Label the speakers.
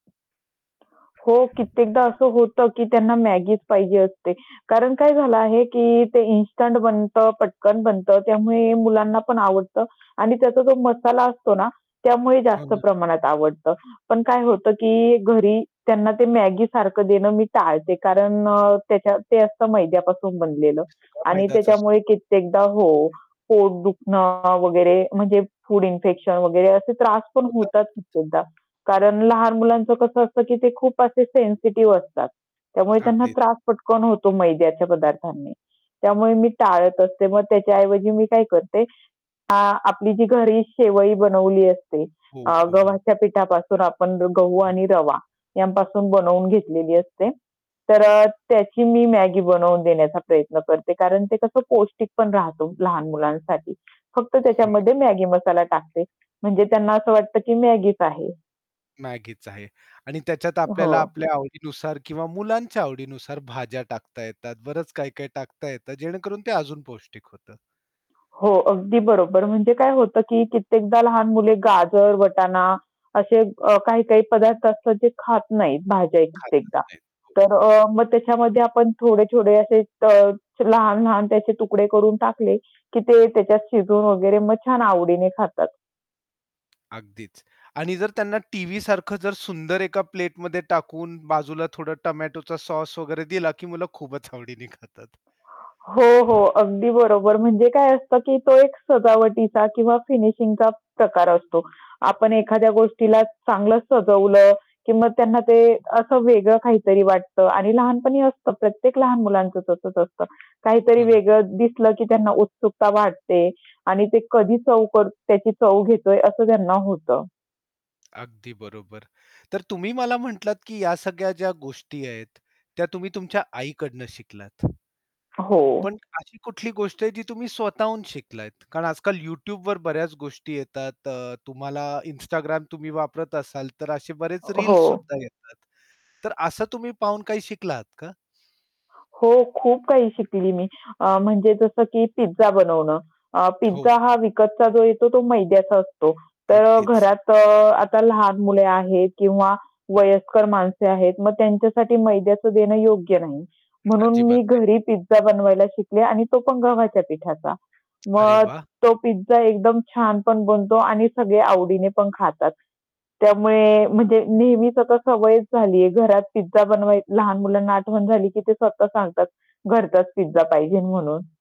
Speaker 1: हो, कित्येकदा असं होतं की त्यांना Maggiचं पाहिजे असते. कारण काय झालं आहे की ते इन्स्टंट बनतं, पटकन बनतं त्यामुळे मुलांना पण आवडतं आणि त्याचा जो मसाला असतो ना, त्यामुळे
Speaker 2: हो
Speaker 1: जास्त
Speaker 2: ना.
Speaker 1: प्रमाणात आवडतं. पण काय होतं की घरी त्यांना ते Maggi सारखं देणं मी टाळते. कारण अ, त्याच्या ते असतं मैद्यापासून बनलेलं
Speaker 2: सगळं
Speaker 1: आणि
Speaker 2: मैदाच असतो.
Speaker 1: त्याच्यामुळे कित्येकदा हो, पोट दुखणं वगैरे म्हणजे फूड इन्फेक्शन वगैरे असे त्रास पण
Speaker 2: होत [unintelligible]
Speaker 1: होतात कित्येकदा. कारण लहान मुलांचं कसं असतं की ते खूप असे सेन्सिटिव्ह असतात, त्यामुळे त्यांना
Speaker 2: अगदी.
Speaker 1: त्रास पटकन होतो मैद्याच्या पदार्थांनी. त्यामुळे मी टाळत असते. मग त्याच्या ऐवजी मी काय करते अ, आपली जी घरी शेवई बनवली असते,
Speaker 2: हो,
Speaker 1: अ,
Speaker 2: हो, हो.
Speaker 1: गव्हाच्या पिठापासून आपण गहू
Speaker 2: हं.
Speaker 1: आणि रवा यांपासून बनवून घेतलेली असते तर अ, त्याची मी Maggi बनवून देण्याचा प्रयत्न करते. कारण ते कसं पौष्टिक पण राहतो लहान मुलांसाठी फक्त
Speaker 2: हो ना.
Speaker 1: त्याच्यामध्ये Maggi मसाला टाकते म्हणजे त्यांना असं वाटतं की Maggiचं आहे.
Speaker 2: Maggiच आहे आणि त्याच्यात
Speaker 1: हो.
Speaker 2: आपल्याला आपल्या आवडीनुसार किंवा मुलांच्या आवडीनुसार भाज्या टाकता येतात, बरंच काही-काही टाकता येतात जेणेकरून ते अजून पौष्टिक होतं.
Speaker 1: हो, अगदी बरोबर. म्हणजे काय होतं की कित्येकदा लहान मुले गाजर, वटाणा असे अ, काही-काही पदार्थ असतात जे खात नाहीत भाज्या
Speaker 2: खातच
Speaker 1: कित्येकदा,
Speaker 2: नाही. हो.
Speaker 1: तर अ, मग त्याच्यामध्ये आपण थोडे-थोडे असे अ, लहान-लहान त्याचे तुकडे करून टाकले, की ते त्याच्यात शिजून वगैरे मग छान आवडीने खातात.
Speaker 2: अगदीच. आणि जर त्यांना टीव्हीसारखं जर सुंदर एका प्लेटमध्ये टाकून बाजूला थोडा टोमॅटोचा सॉस वगैरे दिला की मुलं खूपच आवडीने खातात.
Speaker 1: हो, हो. अगदी बरोबर. म्हणजे काय असतं की तो एक सजावटीचा किंवा फिनिशिंगचा प्रकार असतो. आपण एखाद्या गोष्टीला चांगलं सजवलं की मग त्यांना ते असं वेगळं काहीतरी वाटतं. आणि लहानपणी असतं प्रत्येक लहान मुलांचं तसंच असतं काहीतरी
Speaker 2: हो ना.
Speaker 1: वेगळं दिसलं की त्यांना उत्सुकता वाटते आणि ते कधी चव कर त्याची चव घेतोय असं त्यांना होतं.
Speaker 2: अगदी बरोबर. तर तुम्ही मला म्हटलात की ह्या सगळ्या ज्या गोष्टी आहेत त्या तुम्ही तुमच्या आईकडनं शिकलात.
Speaker 1: हो.
Speaker 2: पण अशी कुठली गोष्ट आहे जी तुम्ही स्वतःहून शिकलाहेत? कारण आजकाल YouTubeवर बऱ्याच गोष्टी येतात, अ, तुम्हाला Instagram तुम्ही वापरत असाल तर असे बरेच
Speaker 1: अ, हो.
Speaker 2: रील्स सुद्धा येतात. तर असं तुम्ही पाहून काही शिकला आहात का?
Speaker 1: हो, खूप काही शिकली मी. अ, म्हणजे जसं की पिझ्झा बनवणं. अ,
Speaker 2: हो.
Speaker 1: पिझ्झा हा विकतचा जो येतो तो मैद्याचा असतो, तर
Speaker 2: अगदीच.
Speaker 1: घरात अ, आता लहान मुले आहेत किंवा वयस्कर माणसे आहेत, मग त्यांच्यासाठी मैद्याचं देणं योग्य नाही म्हणून मी
Speaker 2: अजिबात नाही.
Speaker 1: घरी पिझ्झा बनवायला शिकले आणि तो पण गव्हाच्या पिठाचा.
Speaker 2: अरे
Speaker 1: मग
Speaker 2: वाह!
Speaker 1: तो पिझ्झा एकदम छान पण बनतो आणि सगळे आवडीने पण खातात. त्यामुळे म्हणजे नेहमीच आता सवयच झालीये घरात पिझ्झा बनवायची. लहान मुलांना आठवण झाली की ते स्वतः सांगतात घरचाच पिझ्झा पाहिजे म्हणून.